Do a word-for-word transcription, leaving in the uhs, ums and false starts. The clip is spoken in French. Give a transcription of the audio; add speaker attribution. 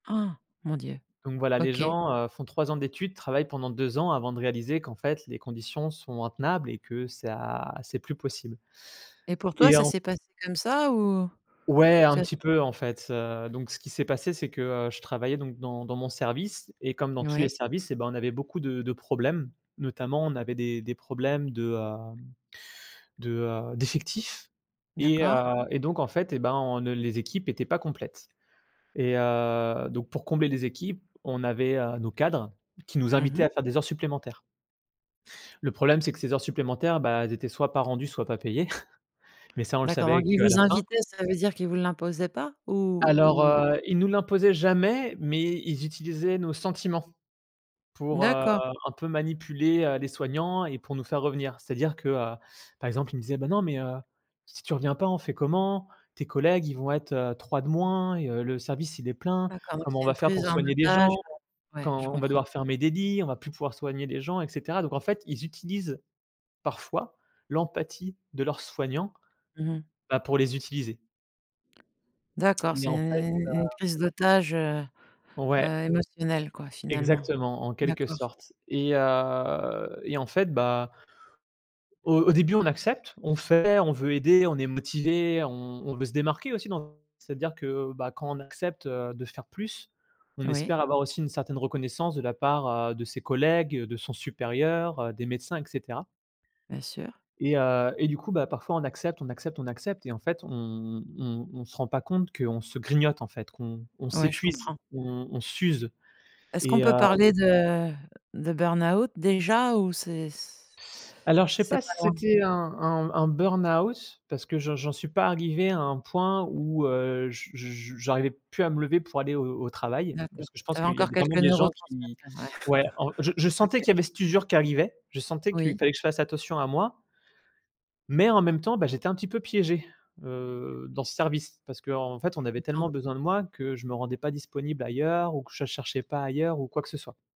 Speaker 1: Han, mon Dieu!
Speaker 2: Donc voilà les
Speaker 1: OK.
Speaker 2: gens, heu, font trois ans d'études, travaillent pendant deux ans avant de réaliser qu'en fait les conditions sont intenables et que ça c'est plus possible
Speaker 1: Et pour toi
Speaker 2: et
Speaker 1: ça
Speaker 2: en
Speaker 1: s'est passé comme ça, ou?
Speaker 2: Ouais,
Speaker 1: Tu
Speaker 2: un
Speaker 1: as
Speaker 2: petit peu, en fait, heu, donc ce qui s'est passé c'est que, heu, je travaillais donc dans dans mon service et comme dans tous les
Speaker 1: Ouais.
Speaker 2: services et ben, on avait beaucoup de de problèmes. Notamment on avait des des problèmes de, heu de, heu d'effectifs et
Speaker 1: D'accord.
Speaker 2: heu, et donc en fait et ben, on ne les équipes étaient pas complètes et heu, donc pour combler des équipes, on avait, heu, nos cadres qui nous
Speaker 1: Mmh
Speaker 2: invitaient à
Speaker 1: mh.
Speaker 2: faire des heures supplémentaires. Le problème c'est que ces heures supplémentaires, bah, elles étaient soit, pas rendues, soit, pas payées, mais ça on le
Speaker 1: D'accord, donc
Speaker 2: savait
Speaker 1: ils
Speaker 2: qu'à la
Speaker 1: vous
Speaker 2: fin.
Speaker 1: invitaient, ça veut dire qu'ils vous l'imposaient pas? Ou
Speaker 2: Alors,
Speaker 1: ou
Speaker 2: heu, ils nous l'imposaient jamais, mais ils utilisaient nos sentiments, pour, heu,
Speaker 1: D'accord.
Speaker 2: un peu manipuler, heu, les soignants et pour nous faire revenir. C'est-à-dire que, heu, par exemple, ils me disaient: «Bah, non mais heu, si tu reviens pas on fait comment? Tes collègues ils vont être, heu, trois de moins et heu, le service il est plein.
Speaker 1: D'accord, donc
Speaker 2: Comment on
Speaker 1: c'est
Speaker 2: va
Speaker 1: une
Speaker 2: faire pour
Speaker 1: prise en
Speaker 2: soigner des
Speaker 1: otage,
Speaker 2: gens?
Speaker 1: heu ouais, je
Speaker 2: Quand on va
Speaker 1: comprends.
Speaker 2: devoir fermer des lits, on va plus pouvoir soigner les gens et cetera», donc en fait, ils utilisent parfois l'empathie de leurs soignants,
Speaker 1: Mmh mh.
Speaker 2: bah, pour les utiliser.
Speaker 1: D'accord,
Speaker 2: Mais
Speaker 1: c'est
Speaker 2: en fait,
Speaker 1: u u une
Speaker 2: heu
Speaker 1: prise d'otage, heu
Speaker 2: Ouais.
Speaker 1: heu, émotionnelle, quoi, finalement.
Speaker 2: Exactement, en quelque
Speaker 1: D'accord.
Speaker 2: sorte et heu et en fait, bah au au début on accepte, on fait, on veut aider, on est motivés, on on veut se démarquer aussi dans c'est-à-dire que, bah, quand on accepte, heu, de faire plus, on
Speaker 1: Oui.
Speaker 2: espère avoir aussi une certaine reconnaissance de la part, heu, de ses collègues, de son supérieur, des médecins et cetera.
Speaker 1: Bien sûr.
Speaker 2: Et heu et du coup, bah, parfois on accepte on accepte on accepte et en fait on on on se rend pas compte qu'on se grignote, en fait, qu'on on
Speaker 1: Ouais, je
Speaker 2: s'épuise,
Speaker 1: comprends.
Speaker 2: on on s'use
Speaker 1: Est-ce qu'on
Speaker 2: et
Speaker 1: peut
Speaker 2: heu
Speaker 1: parler de de burn-out déjà ou c'est
Speaker 2: Alors je sais
Speaker 1: c'est
Speaker 2: pas
Speaker 1: pas
Speaker 2: si
Speaker 1: loin?
Speaker 2: c'était un un un burn-out parce que j'en j'en suis pas arrivé à un point où, heu, je je j'arrivais plus à me lever pour aller au au travail,
Speaker 1: D'accord,
Speaker 2: parce que je
Speaker 1: tu
Speaker 2: pense
Speaker 1: avais
Speaker 2: qu'il y a
Speaker 1: encore quelques
Speaker 2: vraiment des gens qui
Speaker 1: neurotransmetteurs, ouais,
Speaker 2: ouais, en je je sentais
Speaker 1: OK.
Speaker 2: qu'il y avait cette usure qui arrivait, je sentais qu'il
Speaker 1: Oui.
Speaker 2: fallait que je fasse attention à moi mais, en même temps, beh, j'étais un petit peu piégé, heu, dans ce service, parce qu'en fait, on
Speaker 1: Je
Speaker 2: avait
Speaker 1: comprends.
Speaker 2: tellement besoin de moi, que je me rendais pas disponible ailleurs ou que je cherchais pas ailleurs ou quoi que ce soit.